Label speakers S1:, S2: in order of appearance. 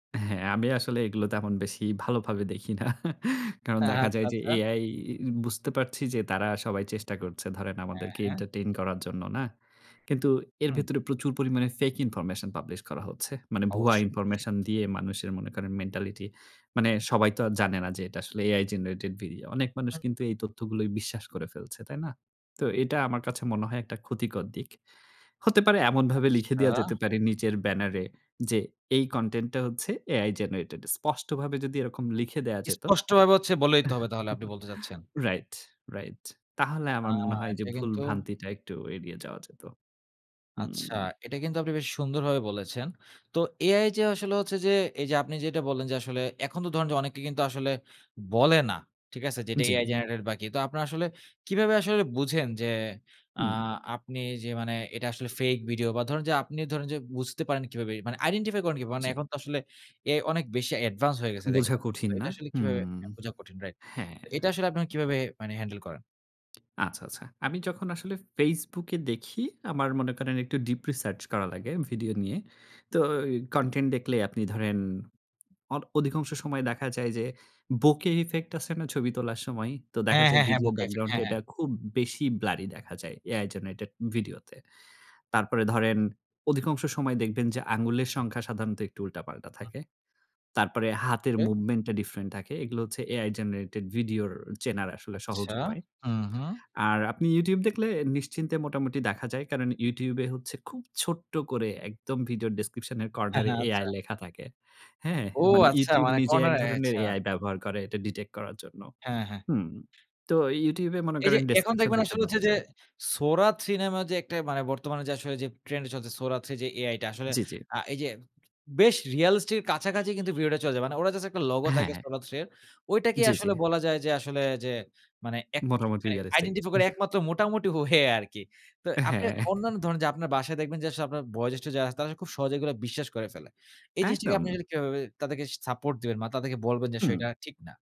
S1: হ্যাঁ, আমিও আসলে এগুলো তেমন বেশি ভালোভাবে দেখি না। কারণ
S2: হ্যাঁ,
S1: দেখা
S2: হ্যাঁ। আচ্ছা,
S1: যায় যে
S2: আচ্ছা।
S1: AI বুঝতে পারছি। যে তারা সবাই চেষ্টা করছে। ধরেন
S2: হ্যাঁ,
S1: আমাদেরকে
S2: হ্যাঁ।
S1: এন্টারটেইন করার জন্য না। কিন্তু এর
S2: হুম।
S1: ভেতরে প্রচুর পরিমাণে ফেক ইনফরমেশন পাবলিশ করা হচ্ছে। মানে ভুয়া
S2: অবশ্যই, অবশ্যই।
S1: ইনফরমেশন দিয়ে মানুষের মনে করেন মেন্টালিটি। মানে সবাই তো আর জানে না, যে এটা আসলে AI জেনারেটেড ভিডিও। অনেক মানুষ
S2: হু।
S1: কিন্তু এই তথ্যগুলোয় বিশ্বাস করে ফেলছে। তাই না? তো এটা আমার কাছে মনে হয় একটা ক্ষতিকর দিক। হতে পারে এমনভাবে লিখে দেওয়া
S2: আচ্ছা।
S1: যেতে পারে। নিজের ব্যানারে যে, "এই কনটেন্ট টা হচ্ছে, AI জেনারেটেড।" স্পষ্টভাবে যদি এরকম লিখে দেওয়া যেত
S2: স্পষ্টভাবে ভাবে হচ্ছে বলে দিতে হবে। তাহলে আপনি বলতে চাচ্ছেন।
S1: Right, right. তাহলে
S2: আ
S1: আমার মনে হয় যে
S2: এটা
S1: ভুল
S2: কিন্তু
S1: ভ্রান্তিটা একটু এড়িয়ে যাওয়া যেত।
S2: আচ্ছা।
S1: হুম।
S2: এটা কিন্তু আপনি বেশ সুন্দরভাবে বলেছেন। তো AI যে আসলে হচ্ছে, যে এই যে আপনি যেটা বললেন। যে আসলে এখন তো ধরুন অনেকে কিন্তু আসলে বলে না। ঠিক আছে? যেটা
S1: জ্বি।
S2: AI জেনারেটেড বা কি? তো আপনারা আসলে কিভাবে আসলে বুঝেন? যে আ
S1: হুম।
S2: আপনি যে মানে এটা আসলে ফেক ভিডিও, বা ধরুন যে আপনি ধরুন যে বুঝতে পারেন কিভাবে? মানে আইডেন্টিফাই করেন কিভাবে? মানে
S1: জ্বি।
S2: এখন তো আসলে AI আসলে অনেক বেশি অ্যাডভান্স হয়ে গেছে
S1: বোঝা
S2: দেখবেন।
S1: কঠিন না।
S2: এটা আসলে কিভাবে
S1: হুম,
S2: বোঝা কঠিন রাইট,
S1: হ্যাঁ।
S2: এটা আসলে আপনারা কিভাবে মানে হ্যান্ডেল করেন?
S1: আচ্ছা, আচ্ছা। আমি যখন আসলে Facebook এ দেখি, আমার মনে করেন একটু ডিপ রিসার্চ করা লাগে ভিডিও নিয়ে। তো কনটেন্ট দেখলে আপনি ধরেন অর অধিকাংশ সময় দেখা যায়। যে বোকে ইফেক্ট আছে না, ছবি তোলার সময়। তো দেখা
S2: হ্যাঁ,
S1: যায়
S2: হ্যাঁ, হ্যাঁ
S1: ভিডিওর
S2: বোকে ইফেক্ট।
S1: ব্যাকগ্রাউন্ড
S2: হ্যাঁ
S1: এ
S2: হ্যাঁ।
S1: এটা খুব বেশি ব্লারি দেখা যায় AI জেনারেটেড ভিডিওতে। তারপরে ধরেন অধিকাংশ সময় দেখবেন। যে আঙুলের সংখ্যা সাধারণত একটু উল্টাপাল্টা
S2: হু।
S1: থাকে। তারপরে হাতের
S2: হুম।
S1: মুভমেন্ট টা ডিফরেন্ট থাকে। এগুলো হচ্ছে AI জেনারেটেড ভিডিওর চেনার আসলে সহজ
S2: আচ্ছা।
S1: উপায়।
S2: হুম, হুম।
S1: আর আপনি YouTube দেখলে নিশ্চিন্তে মোটামুটি দেখা যায়। কারণ YouTube এ হচ্ছে খুব ছোট্ট করে, একদম ভিডিওর ডেসক্রিপশন এর
S2: হ্যাঁ,
S1: কর্নার
S2: হ্যাঁ, আচ্ছা।
S1: AI লেখা থাকে। হ্যাঁ,
S2: ও
S1: মানে
S2: আচ্ছা
S1: YouTube
S2: মানে
S1: নিজে এক
S2: কর্নারে।
S1: ধরনের
S2: আচ্ছা।
S1: AI ব্যবহার করে। এটা ডিটেক্ট করার জন্য।
S2: হ্যাঁ, হ্যাঁ।
S1: হুম, তো YouTube এ মনে
S2: এই যে
S1: করেন
S2: এখন
S1: ডেসক্রিপশন
S2: দেখবেন,
S1: দেখলে
S2: আসলে হচ্ছে
S1: বোঝা
S2: যে
S1: যায়।
S2: Sora 3 নামে যে একটা মানে বর্তমানে যে, আসলে যে ট্রেন্ড চলছে Sora 3 যে AI টা। আসলে
S1: জ্বি, জ্বি।
S2: আ এই যে বেশ রিয়ালিস্টক এর কাছাকাছি, কিন্তু ভিডিও টা চলে যায়। মানে ওরা জাস্ট একটা লোগো থাকে
S1: হ্যাঁ।
S2: Sora 3 এর। ঐটাকেই
S1: জ্বি, জ্বি।
S2: আসলে বলা যায় যে, আসলে যে মানে একচু
S1: মোটামুটি
S2: মানে
S1: রিয়ালিস্টিক।
S2: আইডেন্টিফাই করে
S1: আহ
S2: একমাত্র মোটামুটি ওয়ে আরকি। তো আপনি
S1: হ্যাঁ।
S2: অন্যান্য ধরেন যে আপনার বাসায় দেখবেন যে, আসলে আপনার বয়জ্যেষ্ঠ যারা আছে। তারা খুব সহজে এগুলো বিশ্বাস করে ফেলে। এই জিনিসটাকে
S1: একদম।
S2: আপনি কিভাবে তাদেরকে সাপোর্ট দিবেন? বা তাদেরকে বলবেন যে,
S1: হুম।
S2: সেটা ঠিক না?